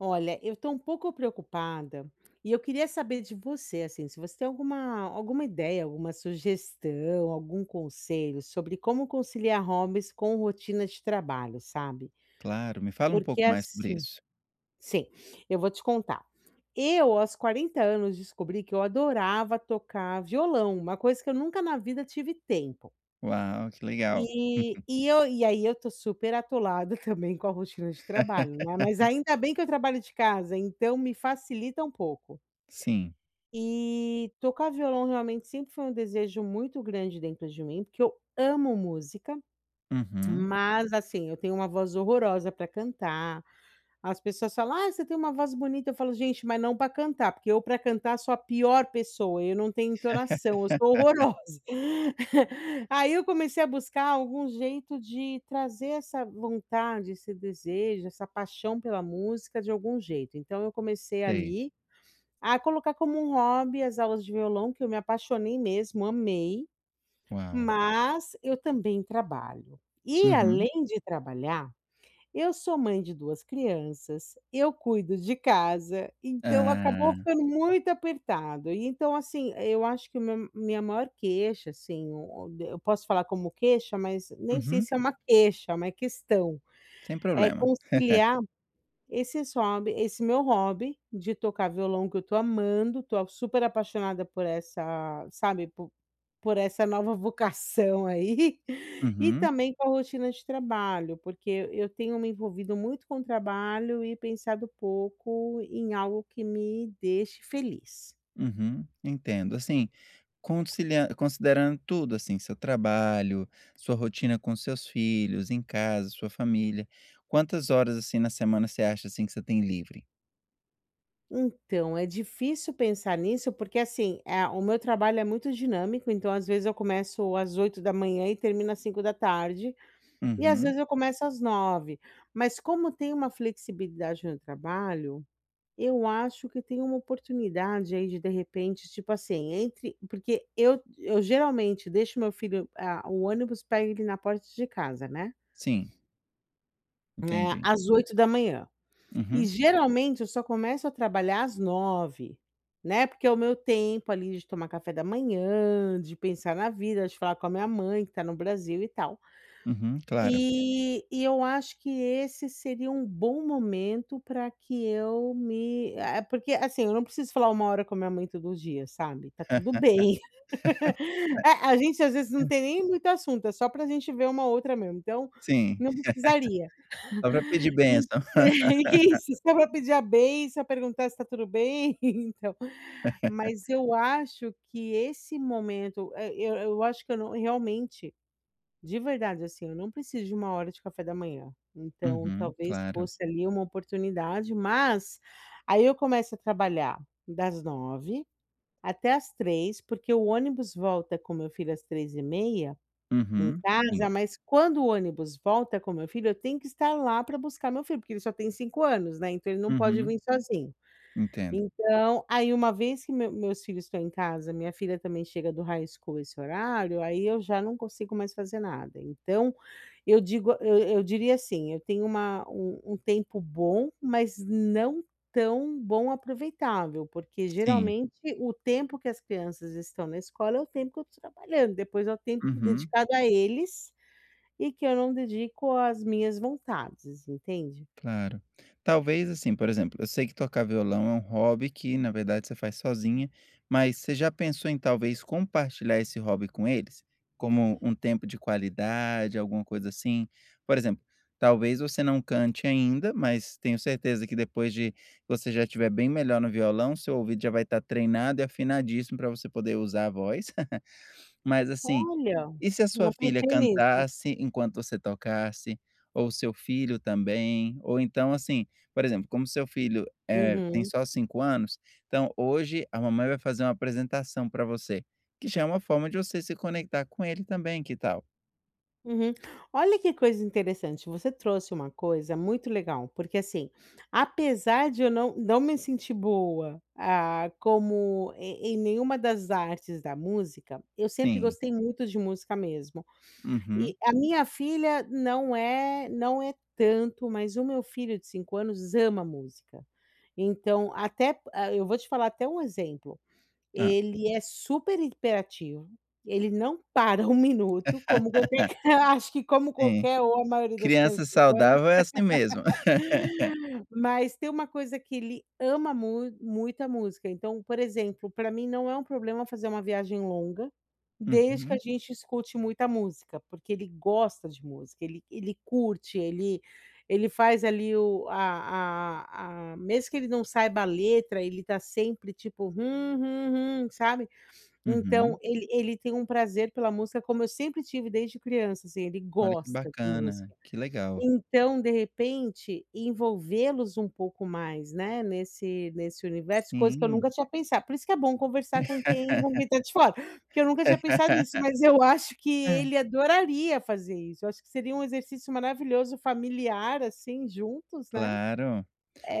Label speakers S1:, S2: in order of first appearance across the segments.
S1: Olha, eu estou um pouco preocupada, e eu queria saber de você, assim, se você tem alguma alguma ideia, alguma sugestão, algum conselho sobre como conciliar hobbies com rotina de trabalho, sabe,
S2: Claro, me fala um
S1: porque,
S2: pouco mais sobre
S1: assim,
S2: isso.
S1: sim, eu vou te contar. Eu aos 40 anos descobri que eu adorava tocar violão, uma coisa que eu nunca na vida tive tempo.
S2: Uau, que legal.
S1: E e eu e aí, eu estou super atolada, também, com a rotina de trabalho, né, mas ainda bem que eu trabalho de casa, então me facilita um pouco.
S2: Sim.
S1: E tocar violão, realmente, sempre foi um desejo muito grande dentro de mim, porque eu amo música,
S2: Uhum.
S1: mas, assim, eu tenho uma voz horrorosa para cantar, as pessoas falam: "Ai, você tem uma voz bonita", eu falo: "Gente, mas não para cantar", porque eu para cantar sou a pior pessoa, eu não tenho entonação, eu sou horrorosa. Aí, eu comecei a buscar algum jeito de trazer essa vontade, esse desejo, essa paixão pela música de algum jeito, então eu comecei,
S2: Sei.
S1: ali, a colocar como um hobby, as aulas de violão, que eu me apaixonei mesmo, amei,
S2: Uau!
S1: mas eu também trabalho e
S2: Uhum.
S1: além de trabalhar, eu sou mãe de 2 crianças, eu cuido de casa, então acabou
S2: Ah.
S1: ficando muito apertado e então, assim, eu acho que o meu minha maior queixa, assim, eu posso falar como queixa, mas nem sei
S2: Uhum.
S1: se é uma queixa, é uma questão,
S2: Sem
S1: é
S2: problema.
S1: conciliar esses hobby esse meu hobby de tocar violão, que eu estou amando, estou super apaixonada por essa, sabe, por por essa nova vocação, aí, e
S2: Uhum.
S1: também com a rotina de trabalho, porque e eu tenho me envolvido muito com trabalho e pensado pouco em algo que me deixe feliz.
S2: Uhum, entendo, Assim, consili considerando tudo, assim, seu trabalho, sua rotina com seus filhos em casa, sua família, quantas horas, assim, na semana você acha, assim, que você tem livre?
S1: Então, é difícil pensar nisso, porque, assim, a o meu trabalho é muito dinâmico. Então, às vezes, eu começo às 8h, e termino às 17h, e, às
S2: Uhum.
S1: vezes, eu começo às 9. Mas, como tem uma flexibilidade no trabalho, eu acho que tem uma oportunidade aí de de repente, tipo assim, entre Porque eu eu geralmente deixo o meu filho, a o ônibus pega ele na porta de casa, né.
S2: Sim.
S1: Né,
S2: Entendi.
S1: às 8h. E
S2: Uhum.
S1: geralmente eu só começo a trabalhar às 9, né. Porque é o meu tempo ali de tomar café da manhã, de pensar na vida, de falar com a minha mãe que tá no Brasil e tal.
S2: Uhum, claro.
S1: E e eu acho que esse seria um bom momento pra que eu me eh, porque, assim, eu não preciso falar 1, hora com a minha mãe todo dia, sabe. Tá tudo bem. É, a gente, às vezes, não
S2: [unintelligible]
S1: tem nem muito assunto, é só pra gente ver uma a outra mesmo, então
S2: Sim.
S1: não precisaria.
S2: Só para pedir bênção.
S1: É, que isso, só vou para pedir a bênção, perguntar se está tudo bem, então. Mas eu acho que esse momento, eh, eu eu acho que eu não, realmente, de verdade, assim, eu não preciso de 1, hora de café da manhã, então
S2: Uhum,
S1: talvez
S2: claro.
S1: fosse ali uma oportunidade. Mas aí eu começo a trabalhar das 9, até às 3, porque o ônibus volta com meu filho às 3 e meia, em
S2: Uhum, sim.
S1: casa. Mas, quando o ônibus volta com meu filho, eu tenho que estar lá pra buscar meu filho, porque ele só tem 5, anos, né, então ele não pode
S2: Uhum.
S1: vir sozinho.
S2: Entendo.
S1: Então, aí, uma vez que meus meus filhos estão em casa, minha filha também chega do high school nesse horário, aí eu já não consigo mais fazer nada. Então, eu digo, eu eu diria, assim, eu tenho uma um um tempo bom, mas não tão bom aproveitável, porque
S2: Sim.
S1: geralmente, o tempo que as crianças estão na escola é o tempo que eu estou trabalhando, depois é o tempo
S2: Uhum.
S1: dedicado a eles e que eu não dedico às minhas vontades, entende?
S2: Claro. Talvez, assim, por exemplo, eu sei que tocar violão é um hobby que, na verdade, você faz sozinha, mas você já pensou em, talvez, compartilhar esse hobby com eles? Como um tempo de qualidade, alguma coisa assim? Por exemplo, talvez você não cante ainda, mas tenho certeza que depois de você já estiver bem melhor no violão, seu ouvido já vai estar treinado e afinadíssimo pra você poder usar a voz. Mas, assim,
S1: Olha,
S2: e se a sua
S1: não
S2: filha
S1: pensei nisso.
S2: cantasse enquanto você tocasse? Ou o seu filho também. Ou então, assim, por exemplo, como seu filho, eh, tem
S1: Uhum.
S2: só 5, anos, então: "Hoje a mamãe vai fazer uma apresentação pra você." Que já é uma forma de você se conectar com ele também, que tal?
S1: Uhum. Olha, que coisa interessante. Você trouxe uma coisa muito legal, porque, assim, apesar de eu não não me sentir boa, ah, como em em nenhuma das artes da música, eu sempre
S2: Sim.
S1: gostei muito de música mesmo.
S2: Uhum.
S1: E a minha filha não é não é tanto, mas o meu filho de 5 anos ama música. Então até pa eu vou te falar até um exemplo,
S2: Hã.
S1: ele é super hiperativo, ele não para um minuto, como qualquer, acho que como
S2: Sim.
S1: qualquer ou a maioria das
S2: Criança
S1: crianças de 5 anos.
S2: saudável é assim mesmo.
S1: Mas tem uma coisa que ele ama mu muito, a música. Então, por exemplo, pra mim não é um problema fazer uma viagem longa, desde que a
S2: Uhum.
S1: gente escute muita música, porque ele gosta de música, ele ele curte, ele ele faz ali o a a a mesmo que ele não saiba a letra, ele tá sempre, tipo, hum, hum, hum, sabe. Então
S2: Uhum.
S1: ele ele tem um prazer pela música como eu sempre tive desde criança, assim, ele
S2: Olha, que
S1: gosta de
S2: bacana,
S1: música.
S2: que legal.
S1: Então, de repente, envolvê-los um pouco mais, né, nesse nesse universo, coisa que eu
S2: Hum.
S1: nunca tinha pensado, por isso que é bom conversar com quem com quem tá de fora, porque eu nunca tinha pensado nisso, mas eu acho que
S2: É.
S1: ele adoraria fazer isso, eu acho que seria um exercício maravilhoso, familiar, assim, juntos, né,
S2: Claro.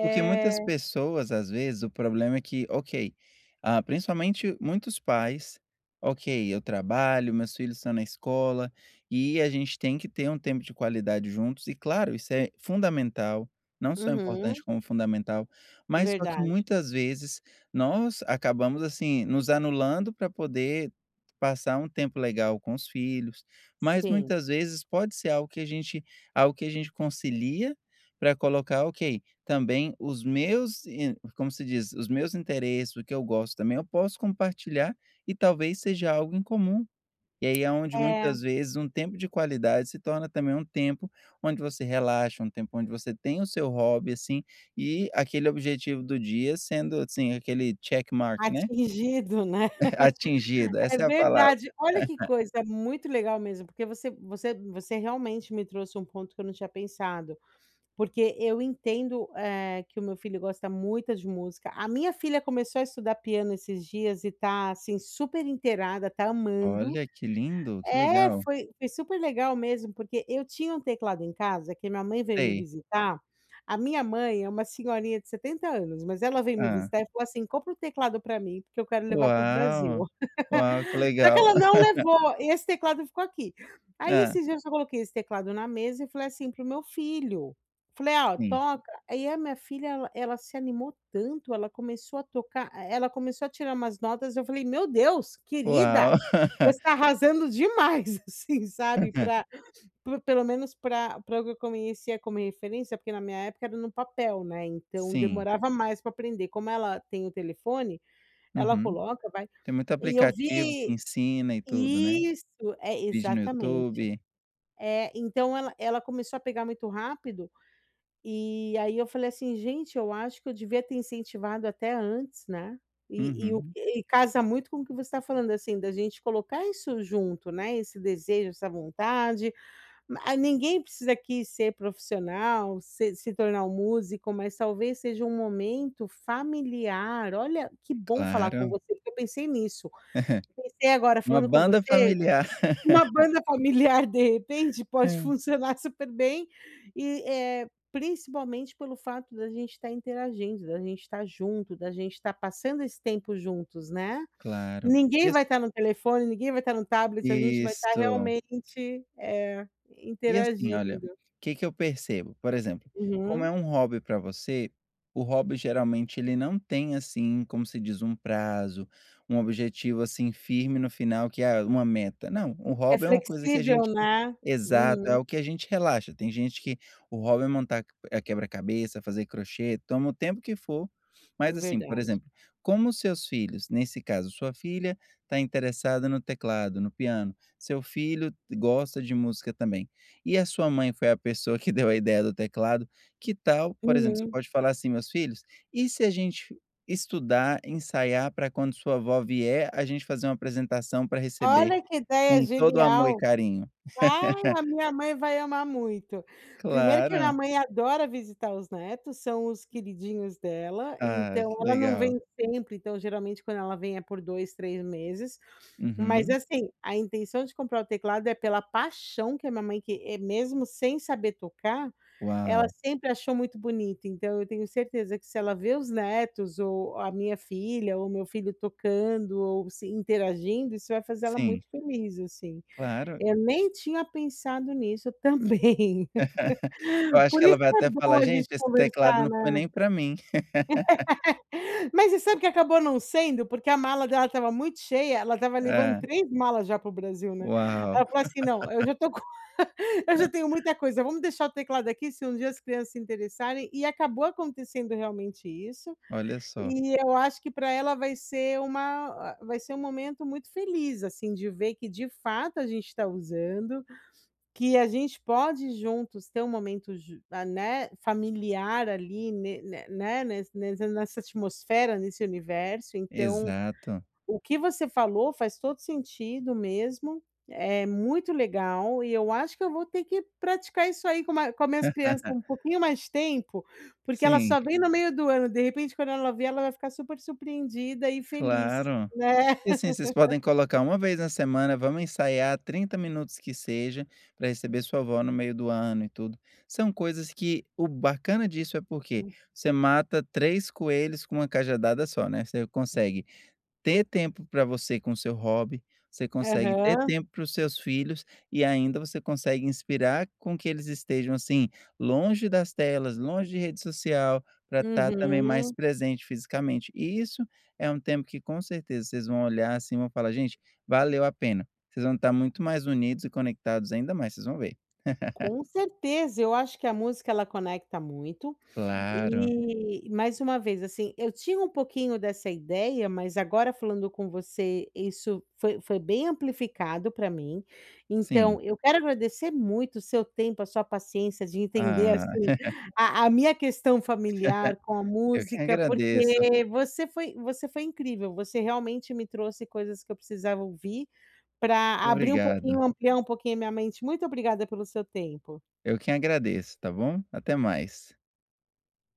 S2: Porque muitas pessoas, às vezes, o problema é que ok, ah, principalmente muitos pais: "Ok, eu trabalho, meus filhos estão na escola, e a gente tem que ter um tempo de qualidade juntos" e claro isso é fundamental, não só
S1: Uhum.
S2: importante como fundamental. Mas só que,
S1: Verdade.
S2: muitas vezes, nós acabamos, assim, nos anulando pra poder passar um tempo legal com os filhos, mas
S1: Sim.
S2: muitas vezes pode ser algo que a gente algo que a gente concilia pra colocar, ok, também os meus e como se diz? Os meus interesses, o que eu gosto também eu posso compartilhar e talvez seja algo em comum. E aí é onde
S1: É.
S2: muitas vezes um tempo de qualidade se torna também um tempo onde você relaxa, um tempo onde você tem o seu hobby, assim, e aquele objetivo do dia sendo, assim, aquele, check mark, né.
S1: Atingido, né.
S2: Atingido,
S1: É
S2: essa é a palavra.
S1: verdade. Olha que coisa, muito legal mesmo, porque você você você realmente me trouxe um ponto que eu não tinha pensado. Porque eu entendo, eh, que o meu filho gosta muito de música, a minha filha começou a estudar piano esses dias e tá, assim, super inteirada, tá amando.
S2: Olha, que lindo. Que
S1: É,
S2: legal.
S1: foi foi super legal mesmo, porque eu tinha um teclado em casa que minha mãe veio me
S2: Sei.
S1: visitar a minha mãe é uma senhorinha de 70 anos, mas ela veio me
S2: Hã.
S1: visitar e falou assim: "Compra o teclado pra mim, porque eu quero levar para o Brasil".
S2: Uau, uau! Que
S1: Só que
S2: legal.
S1: ela não levou, e esse teclado ficou aqui. Aí
S2: Hã.
S1: esses dias eu só coloquei esse teclado na mesa e falei assim para o meu filho, falei "Ó,
S2: Sim.
S1: toca", aí a minha filha, ela ela se animou tanto, ela começou a tocar e ela começou a tirar umas notas, eu falei "Meu Deus, querida,
S2: Uau.
S1: você tá arrasando demais!" assim, sabe, pra, pelo menos pra para o que eu conhecia como referência, porque na minha época era no papel, né, então
S2: Sim.
S1: demorava mais pra aprender. Como ela tem o telefone, ela
S2: Uhum.
S1: coloca, vai
S2: Tem muito
S1: e eu
S2: aplicativo que
S1: vi
S2: ensina e tudo, né.
S1: Isso! É,
S2: Vídeo no
S1: exatamente.
S2: YouTube.
S1: Eh, então ela ela começou a pegar muito rápido, e aí eu falei assim: "Gente, eu acho que eu devia ter incentivado até antes", né. E e o
S2: Uhum.
S1: e e casa muito com o que você estava falando, assim, da gente colocar isso junto, né, esse desejo, essa vontade, ma ninguém precisa aqui ser profissional, se se tornar um músico, mas talvez seja um momento familiar. Olha, que bom falar com
S2: Claro.
S1: você, porque eu pensei nisso pensei agora
S2: Uma
S1: falando com
S2: banda
S1: você,
S2: familiar.
S1: uma banda familiar de repente pode
S2: É.
S1: funcionar super bem e, eh, principalmente pelo fato da gente tá interagindo, da gente tá junto, da gente tá passando esse tempo juntos, né,
S2: Claro, e
S1: ninguém
S2: ass
S1: vai tá no telefone, ninguém vai tá no tablet, a gente vai tá
S2: Isso.
S1: realmente, eh,
S2: E assim, olha,
S1: interagindo.
S2: que que eu percebo? Por exemplo, como
S1: Uhum.
S2: é um hobby pra você, o hobby geralmente ele não tem, assim, como se diz, um prazo, um objetivo, assim, firme no final, que é uma meta. Não, o
S1: É
S2: hobby é uma coisa que a
S1: flexível,
S2: gente
S1: né.
S2: exato. É
S1: Uhum.
S2: algo que a gente relaxa. Tem gente que o hobby é montar, eh, quebra-cabeça, fazer crochê, toma o tempo que for, mas, assim, por
S1: Verdade.
S2: exemplo, como seus filhos, nesse caso sua filha tá interessada no teclado, no piano, seu filho gosta de música também e a sua mãe foi a pessoa que deu a ideia do teclado, que tal, por exemplo, você
S1: Uhum.
S2: pode falar assim: "Meus filhos, e se a gente estudar, ensaiar pra quando a sua vó vier, a gente fazer uma apresentação pra receber
S1: Olha, que ideia
S2: com todo amor e
S1: genial.
S2: carinho".
S1: Ah, a minha mãe vai amar muito. Primeiro que a minha
S2: Claro.
S1: mãe adora visitar os netos, são os queridinhos dela,
S2: Ah,
S1: então
S2: que
S1: ela não
S2: legal.
S1: vem sempre, então geralmente quando ela vem é por 2, 3 meses. Mas,
S2: Uhum.
S1: assim, a intenção de comprar o teclado é pela paixão que a minha mãe que mesmo sem saber tocar, ela
S2: Uau.
S1: sempre achou muito bonito, então eu tenho certeza que se ela ver os netos, ou a minha filha, ou o meu filho tocando, ou se interagindo, isso vai fazer ela
S2: Sim.
S1: muito feliz, assim.
S2: Claro.
S1: Eu nem tinha pensado nisso também.
S2: Eu acho que
S1: Por
S2: ela
S1: isso
S2: vai
S1: que é
S2: até
S1: bom
S2: falar:
S1: a gente
S2: "Gente, esse teclado
S1: conversar,
S2: não foi
S1: né.
S2: nem pra mim".
S1: Mas você sabe que acabou não sendo? Porque a mala dela estava muito cheia, ela estava levando
S2: Ah.
S1: 3 malas já para o Brasil, né.
S2: Uau.
S1: Ela falou assim: "Não, eu já tô co eu já tenho muita coisa, vamos deixar o teclado aqui se um dia as crianças se interessarem", e acabou acontecendo realmente isso.
S2: Olha só.
S1: E eu acho que pra ela vai ser uma a vai ser um momento muito feliz, assim, de ver que de fato a gente tá usando, que a gente pode juntos ter um momento ju a né, familiar ali, ne ne né nes nesse nessa atmosfera, nesse universo. Então
S2: Exato.
S1: o que você falou faz todo sentido mesmo, é muito legal e eu acho que eu vou ter que praticar isso aí com ma com as minhas crianças, um pouquinho mais tempo, porque ela
S2: Sim.
S1: só vem no meio do ano, de repente quando ela ver, ela vai ficar super surpreendida e feliz,
S2: Claro.
S1: né.
S2: E, assim, vocês podem colocar 1 vez na semana: "Vamos ensaiar 30 minutos, que seja, pra receber sua vó no meio do ano e tudo". São coisas que o bacana disso é porque
S1: Hum.
S2: você mata 3 coelhos com uma cajadada só, né. Você consegue ter tempo pra você com o seu hobby, você consegue ter
S1: Aham.
S2: tempo para os seus filhos, e ainda você consegue inspirar com que eles estejam, assim, longe das telas, longe de rede social, pra tá também mais
S1: Uhum.
S2: presente fisicamente. E isso é um tempo que com certeza vocês vão olhar assim, e vão falar: "Gente, valeu a pena", vocês vão tá muito mais unidos e conectados ainda mais, vocês vão ver.
S1: Com certeza. Eu acho que a música, ela conecta muito,
S2: Claro.
S1: e mais uma vez, assim, eu tinha um pouquinho dessa ideia, mas agora falando com você isso foi foi bem amplificado pra mim.
S2: Sim.
S1: Então eu quero agradecer muito o seu tempo, a sua paciência de entender,
S2: Ah.
S1: assim, a a minha questão familiar com a
S2: Eu que
S1: música,
S2: agradeço.
S1: porque você foi você foi incrível, você realmente me trouxe coisas que eu precisava ouvir, pra abrir um pouquinho,
S2: Obrigado.
S1: ampliar um pouquinho a minha mente. Muito obrigada pelo seu tempo.
S2: Eu quem agradeço, tá bom. Até mais.